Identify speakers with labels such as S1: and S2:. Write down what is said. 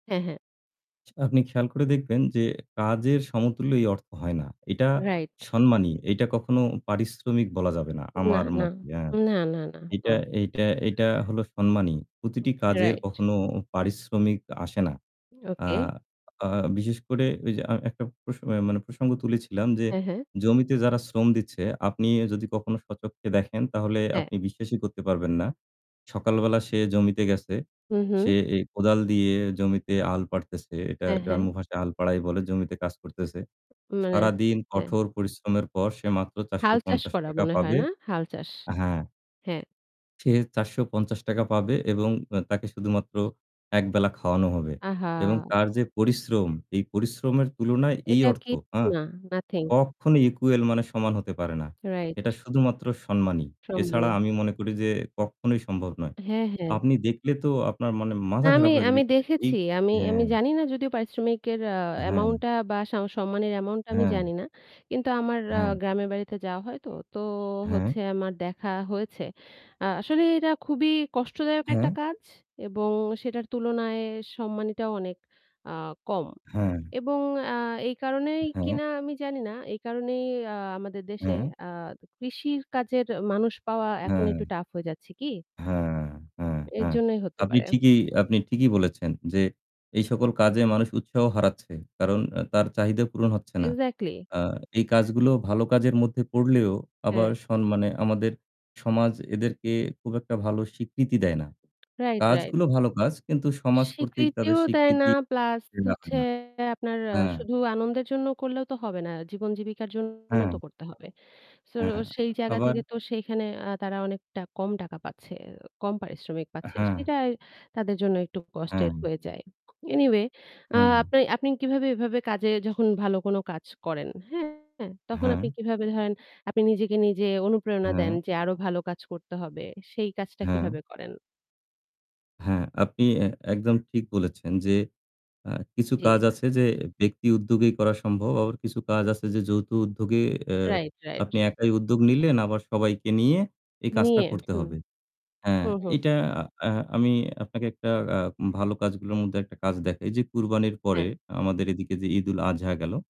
S1: হ্যাঁ, হ্যাঁ।
S2: আপনি খেয়াল করে দেখবেন যে কাজের সমতুল্য এই অর্থ হয় না। এটা
S1: Right.
S2: সম্মানী। এটা কখনো পারিশ্রমিক বলা যাবে না
S1: না,
S2: আমার
S1: না।
S2: মতে। এ
S1: না, না, না। হু।
S2: এটা এটা এটা হলো সম্মানী। প্রতিটি
S1: Okay,
S2: কাজের
S1: right.
S2: কখনো পারিশ্রমিক আসে না। আ
S1: Okay.
S2: আ বিশেষ করে, ঐযে আ একটা প্রস মানে প্রসঙ্গ তুলেছিলাম যে
S1: হ্যাঁ, হ্যাঁ।
S2: জমিতে যারা শ্রম দিচ্ছে আপনি যদি কখনো স্বচক্ষে দেখেন তাহলে
S1: হ্যাঁ।
S2: আপনি বিশ্বাসই করতে পারবেন না। সকালবেলা সে জমিতে গেছে,
S1: হু, হু।
S2: সে এ কোদাল দিয়ে জমিতে হাল পারতেছে। এটা
S1: হ্যাঁ, হ্যাঁ।
S2: গ্রাম্য ভাষায় হাল পারাই বলে। জমিতে কাজ করতেছে।
S1: মানে
S2: সারাদিন
S1: হ্যাঁ।
S2: কঠোর পরিশ্রমের পর সে মাত্র চারশো
S1: হাল চাষ
S2: পঞ্চাশ
S1: করা
S2: টাকা
S1: মনে হয়
S2: পাবে
S1: না? হাল চাষ।
S2: হ্যাঁ
S1: হ্যাঁ।
S2: সে ৳৪৫০ পাবে এবং এ তাকে শুধুমাত্র ১ বেলা খাওয়ানো হবে এবং
S1: আহা!
S2: তার যে পরিশ্রম, এই পরিশ্রমের তুলনায় এই
S1: এটা
S2: অর্থ
S1: কি
S2: হ্যাঁ?
S1: না, nothing.
S2: কখনোই equal মানে সমান হতে পারে না।
S1: Right.
S2: এটা শুধুমাত্র সম্মানী। এছাড়া
S1: সম্মানী।
S2: আমি মনে করি যে কখনোই সম্ভব নয়।
S1: হ্যাঁ, হ্যাঁ।
S2: আপনি দেখলে তো আপনার মানে
S1: না,
S2: মাথা
S1: আমি
S2: খারাপ হয়ে যাবে।
S1: আমি
S2: [unintelligible] এই
S1: দেখেছি। আমি আমি
S2: হ্যাঁ।
S1: জানিনা যদিও পারিশ্রমিকের আ amount
S2: হ্যাঁ।
S1: টা বা স সম্মানির amount টা আমি
S2: হ্যাঁ।
S1: জানিনা। কিন্তু আমার আ
S2: হ্যাঁ।
S1: গ্রামের বাড়িতে যাওয়া হয় তো, তো
S2: হ্যাঁ।
S1: হচ্ছে আমার দেখা হয়েছে। আ আসলে এটা খুবই কষ্টদায়ক একটা
S2: হ্যাঁ।
S1: কাজ এবং সেটার তুলনায় সম্মানীটাও অনেক আ কম।
S2: হ্যাঁ।
S1: এবং আ এই কারণেই
S2: হ্যাঁ।
S1: কিনা আমি জানিনা, এই কারণেই আ আমাদের দেশে
S2: হ্যাঁ।
S1: আ কৃষির কাজের মানুষ পাওয়া এখন
S2: হ্যাঁ।
S1: একটু tough হয়ে যাচ্ছে কি?
S2: হ্যাঁ, হ্যাঁ,
S1: এর
S2: হ্যাঁ।
S1: জন্যই হতে
S2: আপনি
S1: পারে।
S2: ঠিকই আপনি ঠিকই বলেছেন যে এই সকল কাজে মানুষ উৎসাহ হারাচ্ছে কারণ আ তার চাহিদা পূরণ হচ্ছে না।
S1: Exactly!
S2: আ এই কাজগুলো ভালো কাজের মধ্যে পড়লেও আবার
S1: হ্যাঁ।
S2: স মানে আমাদের সমাজ এদেরকে খুব একটা ভালো স্বীকৃতি দেয় না।
S1: Right, right.
S2: কাজগুলো ভালো কাজ কিন্তু সমাজ কর্তৃক তাদের
S1: স্বীকৃতিও দেয় না
S2: স্বীকৃতি
S1: plus হচ্ছে
S2: [unintelligible]
S1: আপনার আ
S2: হ্যাঁ।
S1: শুধু আনন্দের জন্য করলেও তো হবে না, জীবন জীবিকার জন্য তো
S2: হ্যাঁ।
S1: করতে হবে। So
S2: হ্যাঁ।
S1: সেই জায়গা
S2: আবার
S1: থেকে তো সেইখানে আ তারা অনেকটা কম টাকা পাচ্ছে, ও কম পারিশ্রমিক পাচ্ছে।
S2: হ্যাঁ।
S1: সেটা তাদের জন্য একটু
S2: হ্যাঁ।
S1: কষ্টের হয়ে যায়। Anyway আ
S2: হ্যাঁ।
S1: আপনি আপনি কিভাবে এভাবে কাজে যখন ভালো কোনো কাজ করেন, হ্যাঁ তখন আপনি
S2: হ্যাঁ।
S1: কিভাবে ধরেন, আপনি নিজেকে নিজে অনুপ্রেরণা
S2: হ্যাঁ।
S1: দেন যে আরও ভালো কাজ করতে হবে, সেই কাজটা
S2: হ্যাঁ।
S1: কিভাবে করেন?
S2: হ্যাঁ। আপনি এ একদম ঠিক বলেছেন যে আ কিছু কাজ
S1: জি।
S2: আছে যে ব্যক্তি উদ্যোগেই করা সম্ভব। আবার কিছু কাজ আছে যে যৌথ উদ্যোগে,
S1: Right, right.
S2: আপনি একাই উদ্যোগ নিলেন আবার সবাইকে নিয়ে এই কাজটা
S1: নিয়ে,
S2: করতে
S1: হুম।
S2: হবে। হ্যাঁ,
S1: হু, হু।
S2: এটা আ আমি আপনাকে একটা আ ভালো কাজগুলোর মধ্যে একটা কাজ দেখাই। যে কুরবানির পরে
S1: হ্যাঁ।
S2: আমাদের এদিকে যে ঈদুল আজহা গেল